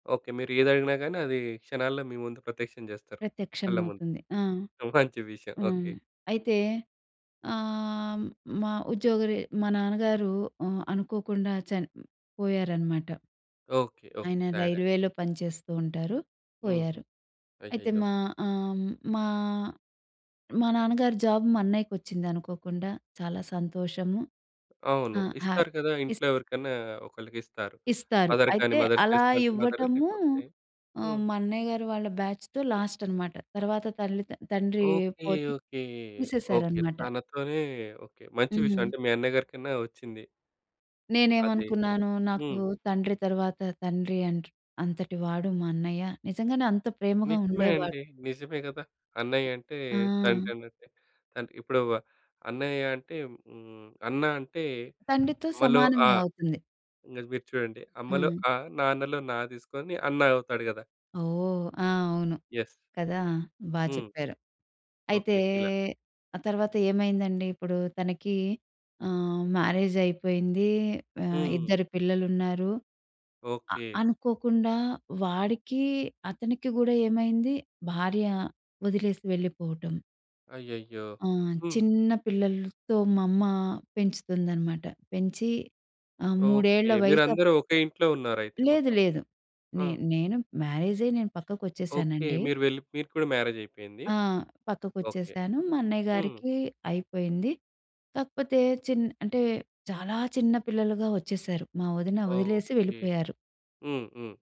Okay. మీరు ఏది అడిగినా గానీ, అది క్షణాల్లో మీ ముందు ప్రత్యక్షం చేస్తారు, ప్రత్యక్షం కళ్ళముందు. అవుతుంది. ఆ! మంచి విషయం. ఆ! ఓకె. అయితే ఆహ్, హ్మ్, మా ఉద్యోగరి మా నాన్నగారు ఆహ్, అనుకోకుండా చన్ పోయారనమాట. Okay, okay. ఆయన సాడ్ అండి. రైల్వేలో పనిచేతూంటారు. హుహు. పోయారు. అయితే, అయ్యయ్యో! మా ఆహ్, హ్మ్, మా మా నాన్నగారి జాబ్ మా అన్నయ్యకి వచ్చింది అనుకోకుండా చాలా సంతోషము. అవును. ఆ! హ్యా ఇస్తారు కదా! ఇస్ ఇంట్లో ఎవరికైనా ఒకళ్ళకిస్తారు. ఇస్తారు. మదర్‌గాని, అయితే, మదర్ అలా చేస్తా అంటే మదర్. ఇవ్వటము లేకపోతే ఆహ్, హ్మ్. మా అన్నయ్య గారి వాళ్ళ బ్యాచ్‌తో లాస్ట్ అనమాట. తర్వాత తల్లి త తండ్రి ఓకె, పోతే ఓకె, ఓకె. తీసేశారన్నమాట. తనతోనే. ఓకె. మంచి విషయం హ్మ్. అంటే మీ అన్నయ్య గారికన్నా వచ్చింది. అదే. నేనేమనుకున్నాను, నాకు హ్మ్. తండ్రి తర్వాత తండ్రి అంత్ అంతటివాడు మా అన్నయ్య. నిజంగానే అంత ప్రేమగా నిజమే ఉండేవాడు. అండి. నిజమే గదా. అన్నయ్య అంటే ఆ! తండ్రి అన్నట్టే. కానీ, ఇప్పుడు వ అన్నయ్య అంటే హ్మ్, అన్న అంటే, తండ్రితో అమ్మలో అ. సమానమే అవుతుంది. ఇది మీరు చూడండి అమ్మలో హ్మ్. అ, నాన్నలో నా తీసుకొని అన్న అవుతాడు గదా. ఓహ్! ఆ! అవును. యస్. కదా! బా హ్మ్. చెప్పారు. అయితే, ఓకె. ఇలా. ఆ తర్వాత ఏమైందండి ఇప్పుడు తనకి ఆహ్, మ్యారేజ్ అయిపోయింది. ఆహ్, హ్మ్. ఇద్దరు పిల్లలున్నారు. అ ఓకె. అనుకోకుండా వాడికి అతనికి కూడా ఏమైంది భార్య వదిలేసి వెళ్ళిపోవటం. అయ్యయ్యో! ఆ! హ్మ్. చిన్న పిల్లలతో మా అమ్మ పెంచుతుందనమాట. పెంచి ఆహ్, 3 ఏళ్ళ ఓకె. వయసు అప్ మీరందరూ ఒకే ఇంట్లో ఉన్నారైతే లేదు, మొత్తం. లేదు. ఆ! నే నేను మ్యారేజ్ అయ్యి నేను ఓకె. పక్కకొచ్చేసానండి. మీరు వెళ్ళిప్ మీరు కూడా మ్యారేజైపోయింది. ఆ! ఓకె. పక్కకొచ్చేశాను. మా అన్నయ్య హ్మ్. గారికి అయిపోయింది. కాకపోతే, చిన్ అంటే చాలా చిన్న పిల్లలుగా వచ్చేశారు. మా వదిన వదిలేసి ఓకె. వెళ్ళిపోయారు. హ్మ్, హ్మ్.